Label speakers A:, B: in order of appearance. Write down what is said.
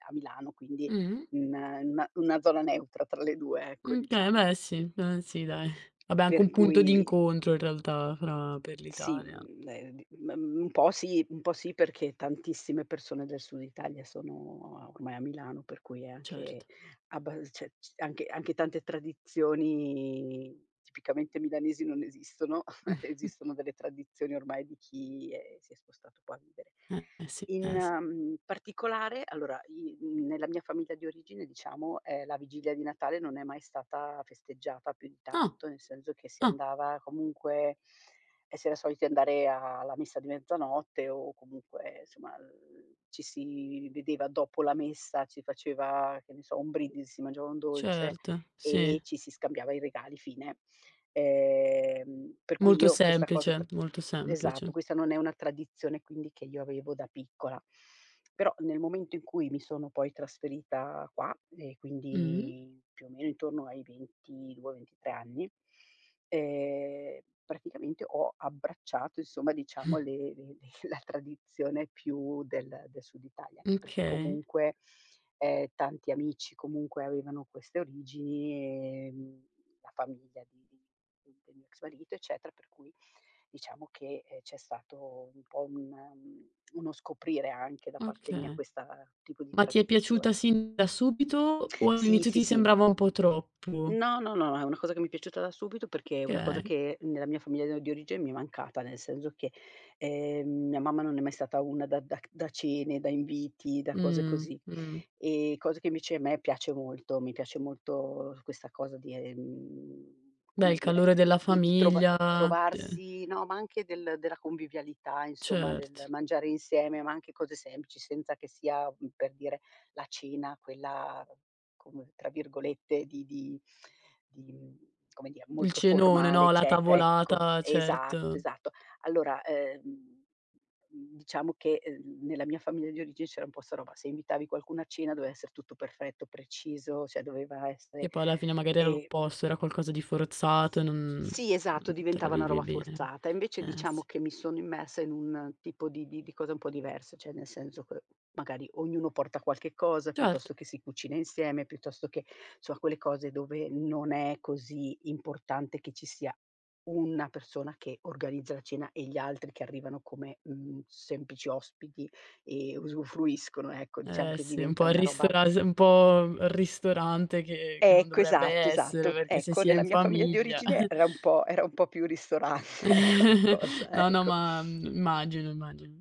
A: A Milano, quindi,
B: Mh-mh.
A: in in una una zona neutra tra le 2, ecco,
B: Uhm, okay,
A: diciamo.
B: beh, sì. Mh, sì, dai. Vabbè, anche
A: Per
B: un punto di
A: cui
B: incontro in realtà fra per
A: Sì,
B: l'Italia.
A: mhmm, ehm, d m un po' sì, un po' sì, perché tantissime persone del Sud Italia sono, ormai, a Milano, per cui anche
B: Certo.
A: abbal ce c anche anche tante tradizioni tipicamente milanesi non esistono. Esistono delle tradizioni, ormai di chi, ehm, si è spostato un po' a vivere.
B: Eh, eh, sì.
A: In,
B: Eh, sì.
A: ehm, particolare allora, i mhmm, nella mia famiglia di origine, diciamo, ehm, la vigilia di Natale non è mai stata festeggiata più di
B: Ah!
A: tanto, nel senso che si
B: Ah.
A: andava, comunque e si era soliti andare alla messa di mezzanotte o comunque, insomma, ehm, ehm, ci si vedeva dopo la messa, si faceva, che ne so, un brindisi, si mangiava un dolce
B: Certo,
A: e
B: sì.
A: ci si scambiava i regali, fine. Ehm, per cui,
B: Molto
A: io questa cosa tr
B: semplice, molto
A: esatto,
B: semplice.
A: questa non è una tradizione, quindi, che io avevo da piccola, però, nel momento in cui mi sono poi trasferita qua e
B: Mh-mh.
A: quindi, più o meno intorno ai 22, 23 anni, ehm, praticamente, ho abbracciato, insomma, diciamo, le le le la tradizione più del del Sud Italia, anche perché
B: Okay.
A: comunque, ehm, tanti amici comunque avevano queste origini, ehm, la famiglia di di di del mio ex marito, eccetera, per cui diciamo che, ehm, c'è stato un po' un un uno scoprire anche da parte mia
B: Okay.
A: questa tipo di
B: Ma ti è piaciuta
A: tradizione.
B: sin da subito, o
A: Sì,
B: all'inizio
A: sì,
B: ti
A: sì.
B: sembrava un po' troppo?
A: No, no, no, è una cosa che mi è piaciuta da subito, perché è una cosa
B: Okay.
A: che nella mia famiglia di origine mi è mancata, nel senso che, ehm, mia mamma non è mai stata una da da c da cene, da inviti, da cose
B: Mh.
A: così.
B: Mh.
A: Ehm, cosa che invece a me piace molto, mi piace molto questa cosa di, ehm,
B: Beh,
A: come
B: il
A: dire,
B: calore della
A: di di trov
B: famiglia, de
A: trovarsi, no, ma anche del della convivialità, insomma, del
B: Cert
A: mangiare insieme, ma anche cose semplici, senza che sia, mhmm, per dire, la cena quella come, tra virgolette, di di di come dire,
B: Il
A: "molto
B: cenone,
A: formale",
B: no, la
A: eccetera, ecco.
B: tavolata,
A: Esatto,
B: certo.
A: esatto. Allora, ehm, mhmm, diciamo che, ehm, nella mia famiglia di origine, c'era un po' 'sta roba, se invitavi qualcuno a cena, doveva essere tutto perfetto, preciso, cioè doveva essere,
B: Che poi alla fine magari era
A: ehm
B: l'opposto, era qualcosa di forzato, non
A: Sì, esatto,
B: non te la
A: diventava una
B: vivi
A: roba
B: bene.
A: forzata. Invece,
B: Eh,
A: diciamo
B: sì.
A: che mi sono immersa in un tipo di di di cosa un po' diversa, cioè, nel senso che magari ognuno porta qualche cosa,
B: Certo.
A: piuttosto che si cucina insieme, piuttosto che, so quelle cose dove non è così importante che ci sia una persona che organizza la cena e gli altri che arrivano come, mhmm, semplici ospiti e usufruiscono, ecco, diciamo
B: Eh,
A: che
B: sì, un po'
A: diventa
B: al
A: una roba, m
B: ristoras un po' al ristorante che che non
A: Ecco,
B: dovrebbe
A: esatto,
B: essere,
A: esatto.
B: perché se
A: Ecco,
B: si è
A: nella
B: in
A: mia famiglia di
B: famiglia.
A: origine era un po' era un po' più ristorante, ecco, la cosa,
B: No, no,
A: ecco.
B: ma, mhmm, immagino, immagino.